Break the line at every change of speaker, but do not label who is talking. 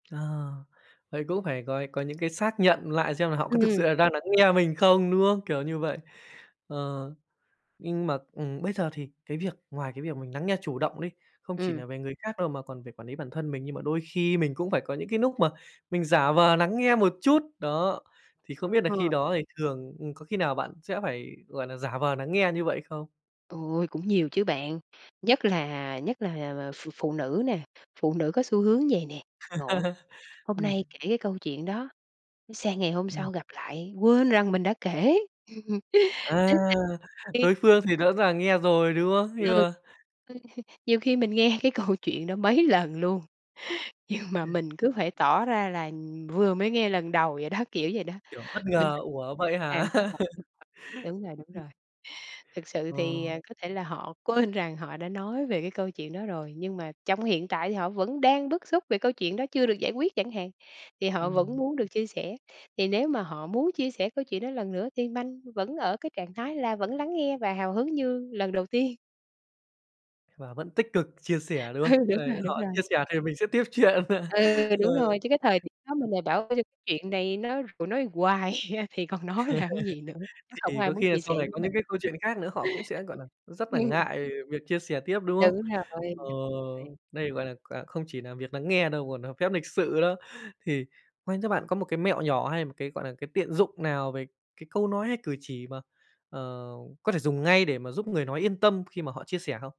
Ờ, vậy cũng phải có có những cái xác nhận lại, xem là họ có thực sự
Ừm.
là đang nắng nghe mình không, đúng không? Kiểu như vậy. Ờ, nhưng mà ừm, bây giờ thì cái việc ngoài cái việc mình nắng nghe chủ động đi, không chỉ
Ừm.
nà về người khác đâu mà còn về quản lý bản thân mình, nhưng mà đôi khi mình cũng phải có những cái núc mà mình giả vờ nắng nghe một chút, đó, thì không biết nà khi
Ờ.
đó thì thường ừm, có khi nào bạn sẽ phải, gọi là, giả vờ nắng nghe như vậy không?
Ôi, cũng nhiều chứ bạn. Nhất là nhất là, ờ, ph phụ nữ nè, phụ nữ có xu hướng vậy nè. Ngộ. Hôm
Ừm.
nay kể cái câu chuyện đó, sang ngày hôm
Ừm.
sau gặp lại quên rằng mình đã kể.
À,
[unintelligible]
đối phương thì rõ ràng nghe rồi, đúng không? Nhưng
Ừ.
mà
Nhiều khi mình nghe cái câu chuyện đó mấy lần luôn, nhưng mà mình cứ phải tỏ ra là vừa mới nghe lần đầu vậy đó, kiểu vậy đó.
Kiểu, bất
Mình
ngờ, ủa vậy hả?
[unintelligible] Đúng rồi, đúng
Ừm.
rồi. Thực sự thì,
Ờ.
à, có thể là họ quên rằng họ đã nói về cái câu chuyện đó rồi, nhưng mà trong hiện tại thì họ vẫn đang bức xúc về câu chuyện đó chưa được giải quyết chẳng hạn, thì họ vẫn
Ừm.
muốn được chia sẻ. Thì nếu mà họ muốn chia sẻ câu chuyện đó lần nữa thì minh vẫn ở cái trạng thái là vẫn lắng nghe và hào hứng như lần đầu tiên.
Và vẫn tích cực chia sẻ, đúng
Ừ,
không?
đúng
Đấy,
rồi, đúng
họ
rồi.
chia sẻ thì mình sẽ tiếp chuyện.
Ừ,
Ờ.
đúng rồi, chứ cái thời điểm đó mình lại bảo cái chuyện này nó nói hoài thì còn nói làm gì nữa, nó hổng
Thì
ai
có
muốn
khi là
chia
sau
sẻ
này
với
có những
mình.
cái câu chuyện khác nữa, họ cũng sẽ, gọi là, rất là
Ừm.
ngại việc chia sẻ tiếp, đúng không?
Đúng rồi,
Ờ,
đúng rồi.
đây, gọi là, quà không chỉ là việc nắng nghe đâu còn nà phép lịch sự đó. Thì quen cho bạn có một cái mẹo nhỏ hay một cái, gọi là, cái tiện dụng nào về cái câu nói, hay cử chỉ mà, ờ, có thể dùng ngay để mà giúp người nói yên tâm khi mà họ chia sẻ không?